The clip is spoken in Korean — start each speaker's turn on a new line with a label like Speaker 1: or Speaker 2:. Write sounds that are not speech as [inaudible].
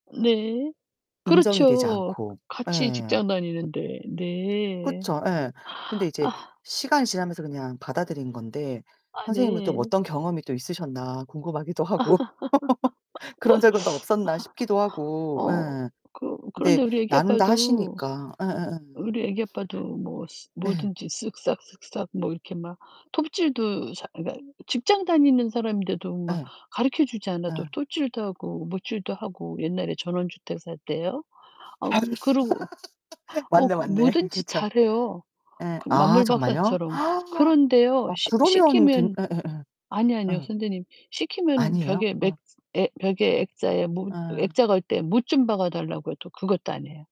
Speaker 1: 네.
Speaker 2: 인정이 되지
Speaker 1: 그렇죠.
Speaker 2: 않고.
Speaker 1: 같이
Speaker 2: 예.
Speaker 1: 직장 다니는데. 네.
Speaker 2: 그쵸. 예. 근데 이제
Speaker 1: [sighs]
Speaker 2: 시간이 지나면서 그냥 받아들인 건데
Speaker 1: 아
Speaker 2: 선생님은 좀
Speaker 1: 네.
Speaker 2: 어떤 경험이 또 있으셨나 궁금하기도
Speaker 1: [laughs]
Speaker 2: 하고 [laughs] 그런 적은 또 없었나 싶기도 하고
Speaker 1: 어
Speaker 2: 예.
Speaker 1: 그
Speaker 2: 근데
Speaker 1: 그런데 우리 아기
Speaker 2: 나눈다
Speaker 1: 아빠도
Speaker 2: 하시니까. 예예예.
Speaker 1: 우리 아기 아빠도 뭐 시
Speaker 2: 네.
Speaker 1: 뭐든지 쓱싹쓱싹 뭐 이렇게 막 톱질도 자 그러니까 직장 다니는 사람인데도 막
Speaker 2: 예.
Speaker 1: 가르쳐 주지 않아도
Speaker 2: 어.
Speaker 1: 톱질도 하고 못질도 하고 옛날에 전원주택 살 때요.
Speaker 2: 아으.
Speaker 1: 어 그러고
Speaker 2: [laughs]
Speaker 1: 어
Speaker 2: 맞네,
Speaker 1: 그
Speaker 2: 맞네.
Speaker 1: 뭐든지
Speaker 2: 그쵸.
Speaker 1: 잘해요
Speaker 2: 예.
Speaker 1: 그
Speaker 2: 아 정말요?
Speaker 1: 만물박사처럼.
Speaker 2: [gasps] 아
Speaker 1: 그런데요. 시
Speaker 2: 그러면 괜
Speaker 1: 시키면
Speaker 2: 예예예.
Speaker 1: 아니 아니요
Speaker 2: 예.
Speaker 1: 선생님. 시키면
Speaker 2: 아니에요?
Speaker 1: 벽에
Speaker 2: 어.
Speaker 1: 맥 에 벽에 액자에 못
Speaker 2: 예.
Speaker 1: 액자 걸 때 못 좀 박아 달라고 해도 그것도 인 헤요.